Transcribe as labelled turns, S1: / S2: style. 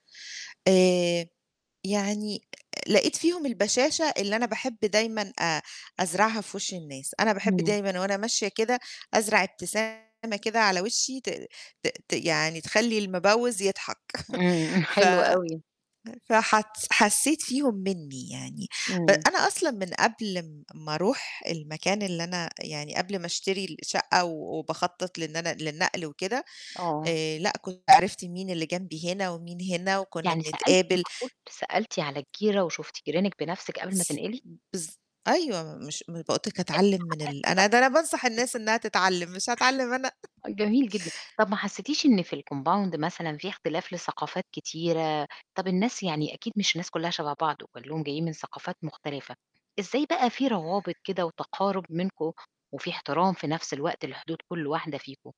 S1: آآ، يعني آآ، لقيت فيهم البَشاشة اللي أنا باحب دايمًا آآ أزرعها في وِش الناس. أنا باحب
S2: إمم.
S1: دايمًا وأنا ماشية كده أزرع ابتسامة كده على وِشّي ت ت ت يعني تخلّي المِبوِّز يضحك.
S2: إمم،
S1: ف
S2: حلو أوي.
S1: [unintelligible] فحتس حسّيت فيهم منّي يعني، أ
S2: إمم.
S1: أنا أصلًا من قبل م ما أروح المكان اللي أنا يعني قبل ما أشتري الشقّة و وباخطّط لنن للنقل وكده
S2: آه.
S1: آآ، لأ، كنت عرفت مين اللي جنبي هنا ومين هنا وكُنّا
S2: يعني سألتِ
S1: بنتقابل.
S2: معقول؟ سألتِ على الجِيرة، وشُفتِ جيرانِك بنَفْسِك قبل ما تنقلي؟
S1: بالض أيوه، م مش م فقُلت لِك أتعلِّم من ال
S2: اتعقّدتي بقى.
S1: أنا ده أنا بانصح الناس إنّها تتعلِّم، مش هاتعلِّم أنا!
S2: [unintelligible] أ جميل جدًا. طَب ما حسّيتيش إن في الcompound مثلًا في اختلاف لثقافات كتيرة، طَب الناس، يعني أكيد مش الناس كُلّها شَبَه بعض، وكلّهم جايين من ثقافات مختلفة، إزاي بقى في روابط كده وتقارب منكم وفي احترام في نَفْس الوقت لحدود كل واحدة فيكم؟